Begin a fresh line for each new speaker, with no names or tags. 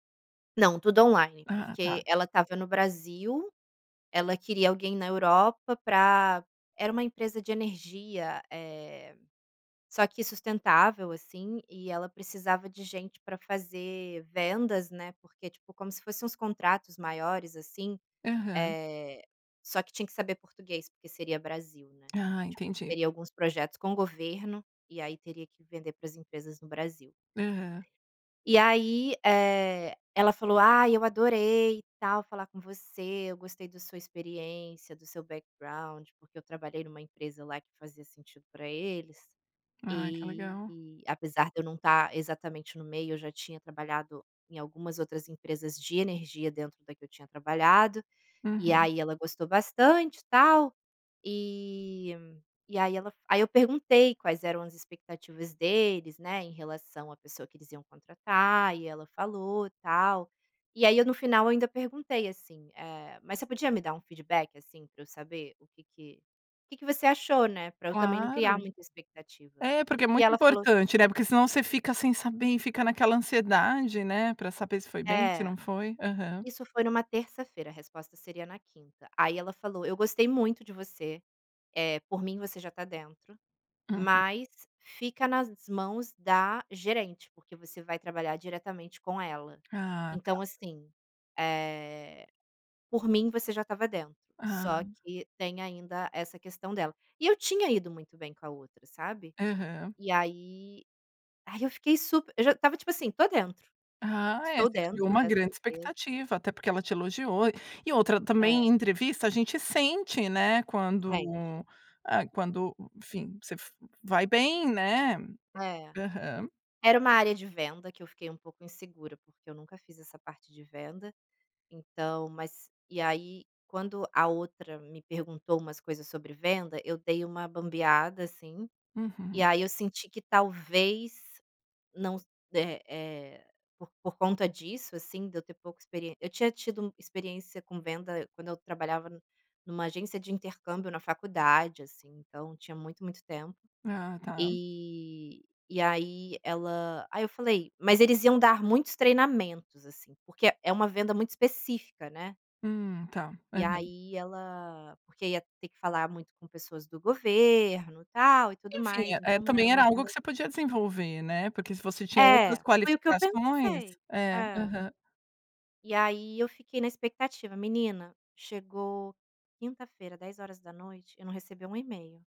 Não, tudo online,
Ah, tá.
porque ela estava no Brasil, ela queria alguém na Europa para era uma empresa de energia, eh, só que sustentável, assim, e ela precisava de gente para fazer vendas, né, porque, tipo, como se fosse uns contratos maiores, assim,
Aham.
eh, só que tinha que saber português, porque seria Brasil, né.
Ah,
Tipo,
entendi.
teria alguns projetos com o governo e aí teria que vender para as empresas no Brasil.
Aham.
E aí, eh, ela falou: "Ai, eu adorei, e tal, falar com você, eu gostei do sua experiência, do seu backgound", porque eu trabalhei em uma empresa lá que fazia sentido para eles,
Ai, que legal.
e apesar de eu não estar exatamente no meio, eu já tinha trabalhado em algumas outras empresas de energia dentro da que eu tinha trabalhado, e
Uhum.
aí ela gostou bastante e tal, e e aí ela f aí eu perguntei quais eram as expectativas deles, né, em relação à pessoa que eles iam contratar, e ela falou, tal, e aí eu no final eu ainda perguntei assim, eh, "Mas você podia me dar um feedback, assim, para eu saber o que que que que você achou, né, para eu também não criar
Claro.
muita expectativa".
É, porque é
E
muito
ela falou
importante, né, não porque senão você fica sem saber e fica naquela ansiedade, né, para saber se foi bem, se
É.
não foi. Aham.
Isso foi em uma terça-feira, a resposta seria na quinta, aí ela falou: "Eu gostei muito de você, eh, por mim você já está dentro,
Uhum.
mas fica nas mãos da gerente, porque você vai trabalhar diretamente com ela.
Ah, tá.
Então assim, eh, por mim você já estava dentro,
Ah.
só que tem ainda essa questão dela". E eu tinha ido muito bem com a outra, sabe.
Aham.
E aí aí eu fiquei super eu já estava, tipo assim, "estou dentro.
Ah é,
Estou
você criou
dentro
uma
dessa
grande
empresa".
expectativa, até porque ela te elogiou e outra também em
É.
entrevista a gente sente, né,
Sente.
quando, ah, quando, enfim, você f vai bem, né.
É.
Aham.
Era uma área de venda que eu fiquei um pouco insegura, porque eu nunca fiz essa parte de venda, então mas e aí quando a outra me perguntou umas coisas sobre venda, eu dei uma bambeada, assim, e
Uhum.
aí eu senti que talvez não s eh eh, por por conta disso, assim, de eu ter pouca experiên eu tinha tido experiência com venda quando eu trabalhava n em uma agência de intercâmbio na faculdade, assim, então tinha muito, muito tempo.
Ah, tá.
E e aí ela aí eu falei mas eles iam dar muitos treinamentos, assim, porque é é uma venda muito específica, né.
Hum, está,
E
aham.
aí ela porque ia ter que falar muito com pessoas do governo, tal, e tudo
Enfim, eh
mais,
eh,
então nāo
também
era
era
uma
algo
venda
que você podia desenvolver, né, porque se você tinha outras
É, foi o que eu
qualificações.
pensei.
É,
É.
aham.
E aí eu fiquei na expectativa. Menina, chegou quinta-feira 22h, eu não recebi um e-mail.